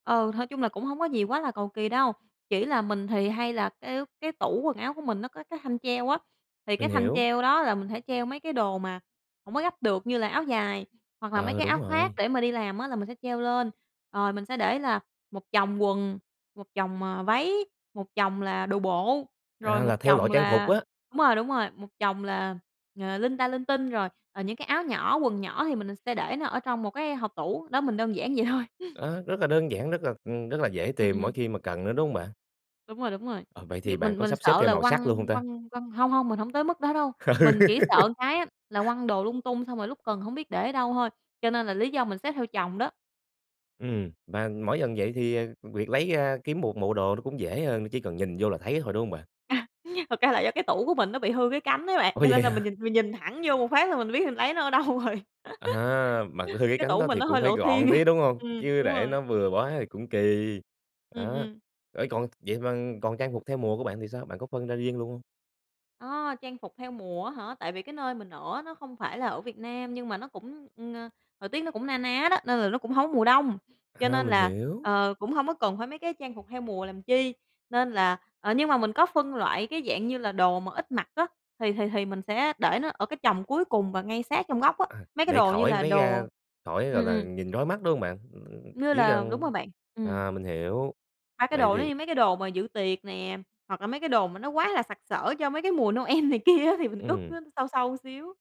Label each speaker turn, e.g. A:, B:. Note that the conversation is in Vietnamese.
A: Ừ, thôi chung là cũng hông có gì quá là cầu kì đâu, chỉ là mình thì hay là cái cái tủ quần áo của mình nó có cái thanh treo á, thì cái
B: Mình
A: thanh
B: hiểu.
A: treo đó là mình sẽ treo mấy cái đồ mà hổng có gấp được, như là áo dài hoặc là mấy
B: Ờ,
A: cái áo
B: đúng
A: khoác
B: rồi.
A: để mà đi làm á, là mình sẽ treo lên. Rồi mình sẽ để là một chồng quần, một chồng, à, váy, một chồng là đồ bộ, rồi
B: À,
A: một
B: là theo loại
A: chồng
B: trang phục
A: là
B: á?
A: đúng rồi, đúng rồi, một chồng là, à, linh ta linh tinh, rồi, à, những cái áo nhỏ, quần nhỏ thì mình s sẽ để nó ở trong một cái hộc tủ, đó, mình đơn giản vậy thôi.
B: À, rất là đơn giản, rất là, ừm, rất là dễ
A: Ừm,
B: tìm mỗi
A: ừm.
B: khi mà cần nữa, đúng hông bạn?
A: Đúng rồi, đúng rồi,
B: Ờ, vậy
A: nh
B: thì bạn
A: mình
B: có
A: mình
B: sắp xếp
A: sợ
B: theo
A: là
B: màu sắc
A: quăng
B: luôn hông ta?
A: quăng quăng hông, hông mình hông tới mức đó đâu, mình chỉ sợ cái á là quăng đồ lung tung xong rồi lúc cần hổng biết để ở đâu thôi, cho nên là lý do mình xếp theo chồng đó.
B: Ừm, và mỗi lần vậy thì, à, việc lấy ra, kiếm 1 bộ đồ nó cũng dễ hơn nữa, chỉ cần nhìn vô là thấy thôi, đúng hông bạn?
A: À, thật ra là do cái tủ của mình nó bị hư cái cánh ấy bạn,
B: Ủa,
A: cho
B: vậy
A: nên là
B: hả?
A: mình nhìn mình nhìn thẳng vô một phát là mình biết mình lấy nó ở đâu rồi.
B: À, mà c hư cái
A: Cái
B: cánh
A: tủ
B: đó
A: mình
B: thì
A: nó
B: cũng
A: hơi
B: phải
A: lộ thiên,
B: gọn tí, đúng hông?
A: ừm,
B: Chứ
A: đúng
B: để
A: rồi.
B: nó bừa quá thì cũng kỳ,
A: Ừm,
B: á,
A: ừm.
B: ê, còn vậy mà còn trang phục theo mùa của bạn thì sao, bạn có phân ra riêng luôn hông?
A: Ờ, trang phục theo mùa á hả? Tại vì cái nơi mình ở á nó không phải là ở Việt Nam, nhưng mà nó cũng, ừm, ờ, thời tiết nó cũng na ná đó, nên là nó cũng hông có mùa đông, cho
B: À,
A: nên
B: mình
A: là,
B: hiểu.
A: ờ, cũng hông có cần phải mấy cái trang phục theo mùa làm chi. Nên là ờ, nhưng mà mình có phân loại cái dạng như là đồ mà ít mặc á, thì thì thì mình sẽ để nó ở cái chồng cuối cùng và ngay sát trong góc á,
B: À,
A: mấy cái
B: để
A: đồ như
B: khỏi
A: là
B: lấy ra,
A: đồ
B: khỏi,
A: ừm,
B: gọi là,
A: ừm.
B: nhìn rối mắt, đúng hông bạn? Ưm,
A: Như
B: chỉ
A: là đúng
B: cần
A: rồi bạn, ừm.
B: à, mình hiểu.
A: Ba cái
B: Vậy
A: đồ nó
B: thì
A: như mấy cái đồ mà dự tiệc nè, hoặc là mấy cái đồ mà nó quá là sặc sỡ cho mấy cái mùa Noel này kia á, thì mình cất nó
B: Ừm.
A: sâu sâu xíu.